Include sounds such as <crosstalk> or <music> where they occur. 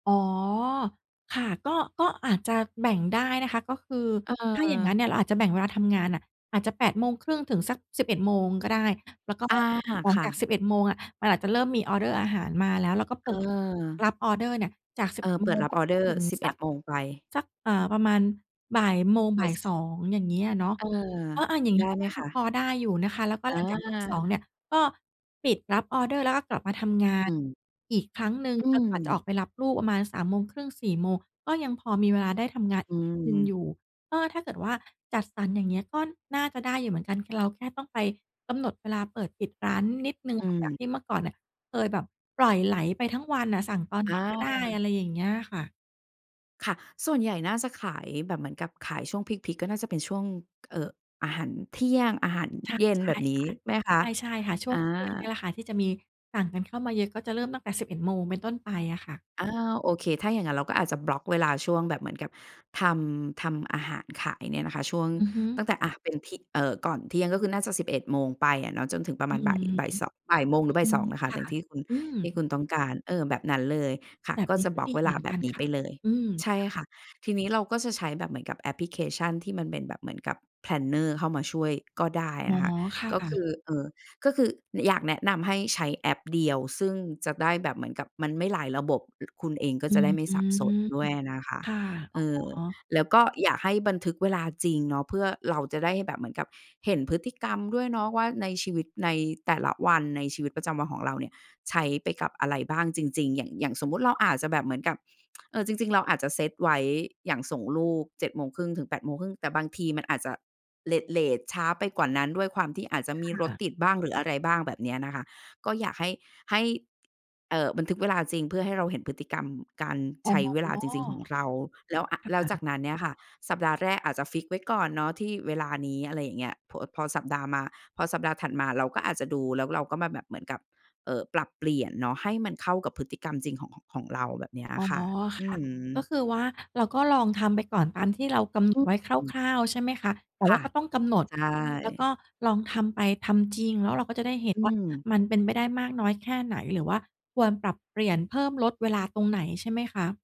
อ๋อ ค่ะ ก็ ก็อาจจะแบ่งได้นะคะ ก็คือ เถ้าอย่างงั้นเออ นี่ย เราอาจจะแบ่งเวลาทำงานน่ะ อาจจะ 8:30 ถึงสัก 11:00 ก็ได้ แล้วก็อา หลัคง่จาะ ก 11:00 อะ มันอาจจะเริ่มมีออร์เดอร์อาหารมาแล้ว เราก็เปิดเออ รับออร์เดอร์เนี่ย จาก สิเบอเอ็อ ดเปโมิดง รัไบปออร์เดจอนร์ ถึงสิบเสอ็ัดก โมง ไป สัก เอ่อ ประมาณ บ่ายโมงไป บ่ายซ สอง อย่างงี้อะเนาะ เออ เออ อา อย่างไงดี้้ ก็ไหมน่าคจะะ? พอได้อยู่นะคะ แล้วก็อหลังจาก 14:00 เา นี่ย ก็ปิดรับออร์เดอร์ แล้วก็กลับมาทำงาอนืม อีกครั้งหนึ่ง อืจนกว่าจะออม กไปรับลูกประมาณ 15:30 16:00 ก็ยังพอมีเวลาได้ทำงานออืีกนิดหนึ่งม อยู่ ก็ถ้าเกิดว่าจัดสรรอย่างเงี้ย ก็น่าจะได้อยู่เหมือนกัน คือเราแค่ต้องไปกำหนดเวลาเปิดปิดร้านนิดหนึ่งอืค่ะ จากม ที่เมื่อก่อนเนี่ย เคยแบบปล่อยไหลไปทั้งวันอะสั่งตอนอไหนก็ได้ า อะไรอย่างเงี้ยค่ะ ค่ะ ส่วนใหญ่น่าจะขายแบบเหมือนกับขายช่วงพีก ๆ ก็น่าจะเป็นช่วง เอ่อ อาหารเที่ยง อาหารใช่ เย็นใช่แบบนี้ค่ะ ไหมคะ? ใช่ ๆ ค่ะ ช่อวา ง ช่วงนี้แหละค่ะ ที่จะมีสั่งกันเข้ามาเยอะ ก็จะเริ่มตั้งแต่ 11:00 เป็นต้นไปอะค่ะ อา โอเค ถ้าอย่างงั้น เราก็อาจจะบล็อกเวลาช่วงแบบเหมือนกับทำ ทำอาหารขายเนี่ยนะคะ ช่วงอือฮึ ตั้งแต่ อะ เป็นที่ เอ่อ ก่อนเที่ยง ก็คือน่าจะ 11:00 ไปอะเนาะ จนถึงประอมืาณอ บ่าย บ่ายเสาะ 13 :00 หรือ บ่อาืยสออ ง นะคคะ ่อยะ ่างที่คุณ อืที่ม คุณต้องการ เออ แบบนั้นเลยค่ะ แบบก็นีจ้ะกบ็ล็อดกี เวเลหมาือนแบกับนนี้คไ่ปะ เลย อืม ใช่ค่ะ ค่ะ ทีนี้เราก็จะใช้แบบเหมือนกับแอปพลิเคชัน ที่มันเป็นแบบเหมือนกับ planner เข้ามาช่วยก็ได้อ๋อ นะคะ ค่ก็คืะ อ เอ่อ ก็คือ น อยากแนะนำให้ใช้แอปเดียว ซึ่งจะได้แบบเหมือนกับ มันไม่หลายระบบ อ คุณเองก็อืจะไดอ ้ไม่อืสับสม นด้วยอะนะคะ ค่ะ อเ๋ออ อ แล้วก็อยากให้บันทึกเวลาจริงเนาะ เพื่อเราจะได้แบบเหมือนกับเห็นพฤติกรรมด้วยเนาะว่า ในชีวิต ในแต่ละวันในชีวิตประจำวันของเราเนี่ย ใช้ไปกับอะไรบ้างจริง ๆ อย่าง อย่างสมมุติเราอาจจะแบบเหมือนกับ <tsk> เออ จริง ๆ เราอาจจะเซตไว้ อย่างส่งลูก 07:30-08:30 แต่บางทีมันอาจจะเลต ๆ ช้าไปกว่านั้น ด้วยความที่อาจจะมีรคถ่ะ ติดบ้างหรืออะไรบ้าง แบบเนี้ยนะคะ ก็อยากให้ ให้ เอ่อ บันทึกเวลาจริง เพื่อให้เราเห็นพฤติกรรมการอใ๋อ ช้เวลาจริง ๆ ของเรา แล้ว อะ ค่แล้วจากะ นั้นเนี่ยค่ะ สัปดาห์แรกอาจจะฟิกซ์ไว้ก่อนเนาะ ที่เวลานี้ อะไรอย่างเงี้ย พอ อ พอสัปดาห์มา พอสัปดาห์ถัดมา เราก็อาจจะดู แล้วเราก็มาแบบเหมือนกับ เอ่อ ปรับเปลี่ยนเนาะ ให้มันเข้ากับพฤติกรรมจริงของ ของ ของเรา แบบเนี้ยออ๋อ ะค่ะ คอื่ะ อฮก็ึ คือว่าเราก็ลองทำไปก่อนตามที่เรากำหนอืดอ ไว้อืม คร่าว ๆ ใช่ไหมคะ แต่คว่่าะ ก็ต้องกำหนดใชเนาะ แล้วก่ ็ลองทำไป ทำจริง แล้วเราก็จะได้เห็นอืว่าม มันเป็นไปได้มากน้อยแค่ไหน หรือว่าควรปรับเปลี่ยนเพิ่มลดเวลาตรงไหนใช่ไหมคะ?